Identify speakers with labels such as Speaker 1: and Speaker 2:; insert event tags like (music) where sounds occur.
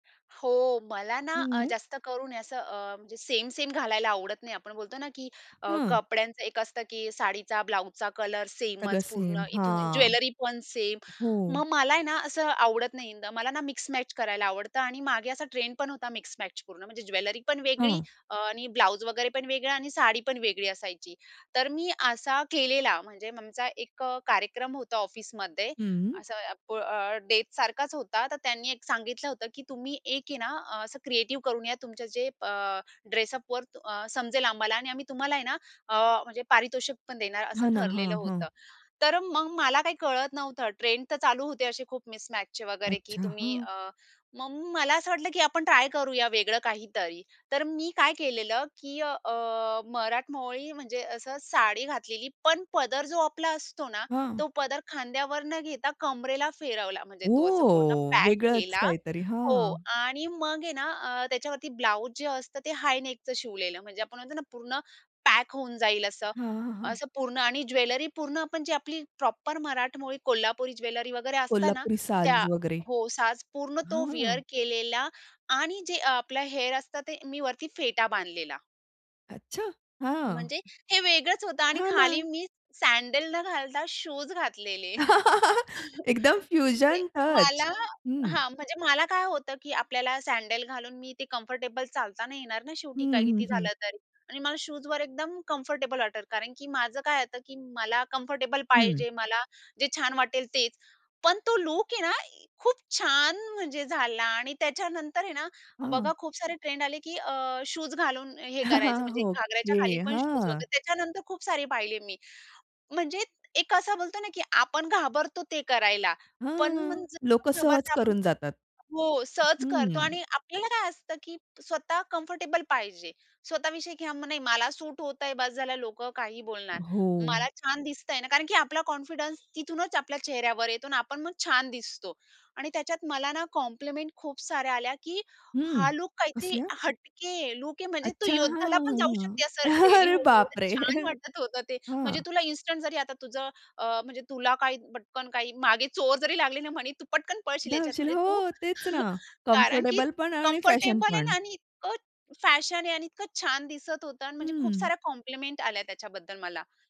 Speaker 1: हो, मला ना अ,
Speaker 2: हं.
Speaker 1: जास्त करून असं अ, म्हणजे सेम, सेम घालायला आवडत नाही. आपण बोलतो ना की अ,
Speaker 2: हं.
Speaker 1: कपड्यांचं एक असतं, की साडीचा, ब्लाउजचा कलर
Speaker 2: सगळं
Speaker 1: सेमच
Speaker 2: सेम.
Speaker 1: पूर्ण इथून,
Speaker 2: हां.
Speaker 1: ज्वेलरी पण सेम.
Speaker 2: हो.
Speaker 1: मग मला आहे ना, असं आवडत नाही इंद मला ना मिक्समॅच करायला आवडतं आणि मागे असा ट्रेंड पण होता मिक्समॅच पूर्ण. म्हणजे ज्वेलरी पण वेगळी
Speaker 2: हं.
Speaker 1: अ, आणि ब्लाउज वगैरे पण वेगळा आणि साडी पण वेगळी असायची. तर मी असा केलेला. म्हणजे आमचा एक अ, कार्यक्रम होता ऑफिसमध्ये.
Speaker 2: हम्म.
Speaker 1: असं अ, प अ, डेटसारखाच होता. तर त्यांनी एक सांगितलं होतं, की तुम्ही एक आहे ना अ, असं क्रिएटिव्ह करून या. तुमचं जे अ, ड्रेसअपवर अ, समजेल आम्हाला आणि आम्ही तुम्हाला आहे ना अ, म्हणजे पारितोषिक पण देणार असं
Speaker 2: हां ना. हां.
Speaker 1: ठरलेलं
Speaker 2: हं.
Speaker 1: होतं. तर मग मला काही कळत नव्हतं. ट्रेंड तर चालू होते असे खूप मिसमॅचचे वगैरे की
Speaker 2: अच्छा,
Speaker 1: तुम्ही
Speaker 2: हां.
Speaker 1: अ, मग मला असं वाटलं, की आपण ट्राय करूया वेगळं काहीतरी. तर मी काय केलेलं की अ, अ, मराठमोळी म्हणजे असं साडी घातलेली, पण पदर जो आपला असतो ना,
Speaker 2: हां.
Speaker 1: तो पदर खांद्यावर न घेता कमरेला फिरवला. म्हणजे तो असा पूर्ण
Speaker 2: ओह!
Speaker 1: पॅक
Speaker 2: वेगळच
Speaker 1: केला.
Speaker 2: काहीतरी.
Speaker 1: हो
Speaker 2: हां.
Speaker 1: आणि मग आहे ना अ, त्याच्यावरती ब्लाउज जे असतं ते हाय नेकचं शिवलेलं. म्हणजे आपण म्हणतो ना पूर्ण पॅक होऊन जाईल असं,
Speaker 2: हां, हां.
Speaker 1: असं पूर्ण. आणि ज्वेलरी पूर्ण आपण जी आपली प्रॉपर मराठमोळी कोल्हापुरी ज्वेलरी वगैरे असतं ना
Speaker 2: कोल्हापुरी साज
Speaker 1: त्या.
Speaker 2: वगैरे.
Speaker 1: हो, साज पूर्ण तो विअर
Speaker 2: हं.
Speaker 1: केलेला आणि जे आपलं हेअर असतं ते मी वरती फेटा बांधलेला.
Speaker 2: अच्छा, हां.
Speaker 1: म्हणजे हे वेगळंच होतं आणि
Speaker 2: हां
Speaker 1: खाली
Speaker 2: ना.
Speaker 1: मी सँडल न घालता शूज घातलेले.
Speaker 2: (laughs)
Speaker 1: (chuckles)
Speaker 2: एकदम
Speaker 1: ते,
Speaker 2: फ्युजन टच.
Speaker 1: मला
Speaker 2: हं.
Speaker 1: हां. म्हणजे मला काय होतं, की आपल्याला सँडल घालून मी ते कम्फर्टेबल चालता नाही येणार ना, शेवटी
Speaker 2: हं,
Speaker 1: काय
Speaker 2: हं,
Speaker 1: किती
Speaker 2: हं.
Speaker 1: झालं तरी. आणि मला शूजवर एकदम कम्फर्टेबल वाटतं, कारण की माझं काय होतं, की मला कम्फर्टेबल
Speaker 2: हं.
Speaker 1: पाहिजे. मला जे छान वाटेल तेच. पण तो लूक आहे ना खूप छान म्हणजे झाला आणि त्याच्यानंतर आहे ना,
Speaker 2: हां.
Speaker 1: बघा खूप सारे ट्रेंड आले की अ, शूज घालून हे करायचं.
Speaker 2: (chuckles)
Speaker 1: म्हणजे घागराच्या
Speaker 2: ओके,
Speaker 1: खाली पण शूज
Speaker 2: हां.
Speaker 1: वगैरे. त्याच्यानंतर खूप सारे पाहिले मी. म्हणजे एक असा बोलतो ना, की आपण घाबरतो ते करायला, पण
Speaker 2: हां,
Speaker 1: मग जर
Speaker 2: लोकं
Speaker 1: न
Speaker 2: सहज
Speaker 1: घाबरते आपण
Speaker 2: करून जातात.
Speaker 1: हो, सहज करतो
Speaker 2: हम्म.
Speaker 1: आणि आपल्याला काय असतं की स्वतः कम्फर्टेबल पाहिजे. स्वतः विषयी की हं, नाही मला सूट होतं आहे बस झालं, लोकं काहीही बोलणार.
Speaker 2: हो.
Speaker 1: मला छान दिसतं आहे ना कारण की आपला कॉन्फिडन्स तिथूनच आपल्या चेहऱ्यावर येतो आणि आपण मग छान दिसतो. आणि त्याच्यात मला ना कॉम्प्लिमेंट खूप साऱ्या आल्या, की
Speaker 2: हम्म,
Speaker 1: हा लूक काहीतरी
Speaker 2: कसल्या?
Speaker 1: हटके लूक आहे. म्हणजे तू
Speaker 2: अच्छा. हां,
Speaker 1: योद्ध्याला पण जाऊ
Speaker 2: हां,
Speaker 1: शकते असं
Speaker 2: हां.
Speaker 1: रेडी
Speaker 2: अरे
Speaker 1: होऊन. एवढं
Speaker 2: बापरे!
Speaker 1: छान वाटत होतं ते. म्हणजे
Speaker 2: हां.
Speaker 1: तुला इन्स्टंट जरी आता तुझं अ, म्हणजे तुला काही पटकन काही मागे चोर जरी लागली ना म्हणी तू पटकन पळशील ह्याच्यात.
Speaker 2: धावशील.
Speaker 1: म्हणजे तू
Speaker 2: हो तेच ना.
Speaker 1: (chuckles) कारण की
Speaker 2: कम्फर्टेबलपण आणि
Speaker 1: कम्फर्टेबल आहे
Speaker 2: फॅशनपण.
Speaker 1: ना आणि इतकं फॅशन आहे आणि इतकं छान दिसत होतं आणि म्हणजे खूप
Speaker 2: हम्म.
Speaker 1: साऱ्या कॉम्प्लिमेंट आल्या त्याच्याबद्दल मला.